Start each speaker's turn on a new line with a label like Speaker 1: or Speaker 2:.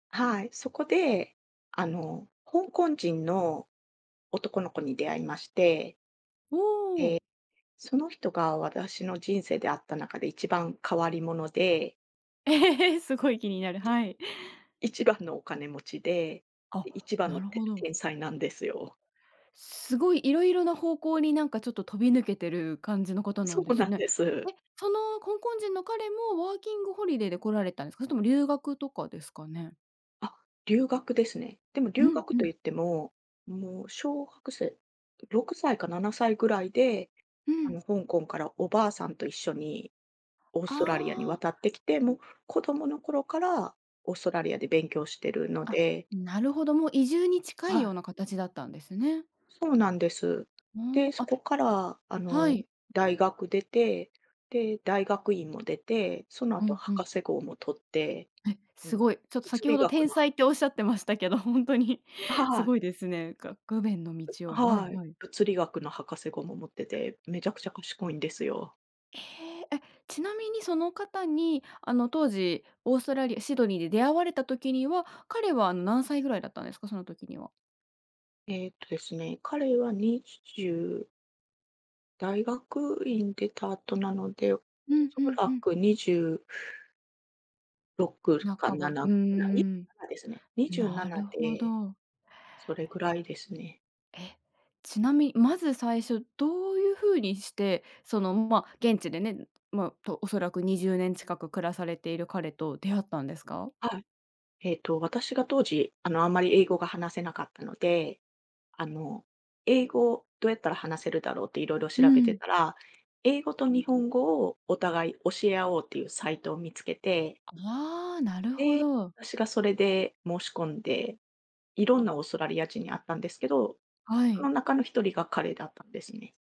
Speaker 1: はい、そこであの、香港人の男の子に出会いまして
Speaker 2: お
Speaker 1: で、
Speaker 2: お。
Speaker 1: その人が私の人生で、出会った中で1番変わり者で。
Speaker 2: すごい気になる。
Speaker 1: で、
Speaker 2: はい。
Speaker 1: 1番のお金持ちで、
Speaker 2: あ、
Speaker 1: 1番
Speaker 2: な
Speaker 1: の
Speaker 2: る
Speaker 1: て
Speaker 2: ほど。
Speaker 1: 天才なんですよ。
Speaker 2: すごいいろいろな方向になんかちょっと飛び抜けてる感じの方な
Speaker 1: そ
Speaker 2: んで
Speaker 1: うな
Speaker 2: す
Speaker 1: ん
Speaker 2: ね。
Speaker 1: です。
Speaker 2: え、その香港人の彼もワーキングホリデーで来られたんですか？それとも留学とかですかね？
Speaker 1: あ、留学ですね。でも
Speaker 2: う
Speaker 1: 留
Speaker 2: ん
Speaker 1: 学
Speaker 2: う
Speaker 1: と
Speaker 2: ん。
Speaker 1: 言っても、もう小学生6歳か7歳ぐらいで、
Speaker 2: うん。
Speaker 1: 香港からお婆さんと一緒にオー
Speaker 2: あ
Speaker 1: ストラリアに
Speaker 2: あ。
Speaker 1: 渡ってきて、もう子供の頃からオーストラリアで勉強しているの
Speaker 2: あ、
Speaker 1: で。
Speaker 2: なるほど、もう移住に近
Speaker 1: は
Speaker 2: い
Speaker 1: い。
Speaker 2: ような形だったんですね。
Speaker 1: そうなんです。
Speaker 2: も
Speaker 1: で、
Speaker 2: う、
Speaker 1: そ
Speaker 2: あ、
Speaker 1: こからあ
Speaker 2: は
Speaker 1: の、
Speaker 2: い。
Speaker 1: 大学出て、で、大学院も出て、その
Speaker 2: う
Speaker 1: 後
Speaker 2: んう
Speaker 1: 博
Speaker 2: ん。
Speaker 1: 士号も取って、
Speaker 2: え、
Speaker 1: あ
Speaker 2: す
Speaker 1: の
Speaker 2: ごい。ちょっと
Speaker 1: 物
Speaker 2: 先
Speaker 1: 理
Speaker 2: ほど
Speaker 1: 学
Speaker 2: 天
Speaker 1: の。
Speaker 2: 才っておっしゃってましたけど、本当にす
Speaker 1: はい。
Speaker 2: ごいですね。具面の道を。はい
Speaker 1: はい、
Speaker 2: はい。
Speaker 1: 物理学の博士号も持ってて、めちゃくちゃ賢いんですよ。
Speaker 2: ええ、え、ちなみにその方にあの当時オーストラリアシドニーで出会われた時には、彼は何歳ぐらいだったんですか？その時には。
Speaker 1: えっとですね、彼は20大学院出た後なので、お
Speaker 2: うん
Speaker 1: そ
Speaker 2: うんう
Speaker 1: ら
Speaker 2: ん。
Speaker 1: く206か
Speaker 2: 半
Speaker 1: な
Speaker 2: ば。う
Speaker 1: な
Speaker 2: ー
Speaker 1: くらい
Speaker 2: ん、
Speaker 1: ですね。にじゅうな
Speaker 2: な
Speaker 1: な
Speaker 2: るほ
Speaker 1: で
Speaker 2: ど。
Speaker 1: それぐらいですね。
Speaker 2: え、ちなみに、まず最初、どういう風にして、そのま現地でね、ま、おそらく20年近く暮らされている彼と出会ったんですか？
Speaker 1: はい。えっと、私が当時、あのあまり英語が話せなかったので、あの、英語を、どうやったら話せるだろうっていろいろ
Speaker 2: う
Speaker 1: 調べて
Speaker 2: ん。
Speaker 1: たら、英語と日本語をお互い教え合おうっていうサイトを見つけて。
Speaker 2: ああ、なるほ
Speaker 1: で、
Speaker 2: ど。
Speaker 1: 私がそれで申し込んで、いろんなオーストラリア人に会ったんですけど、
Speaker 2: は
Speaker 1: そ
Speaker 2: い。
Speaker 1: の中の1人が彼だったんですね。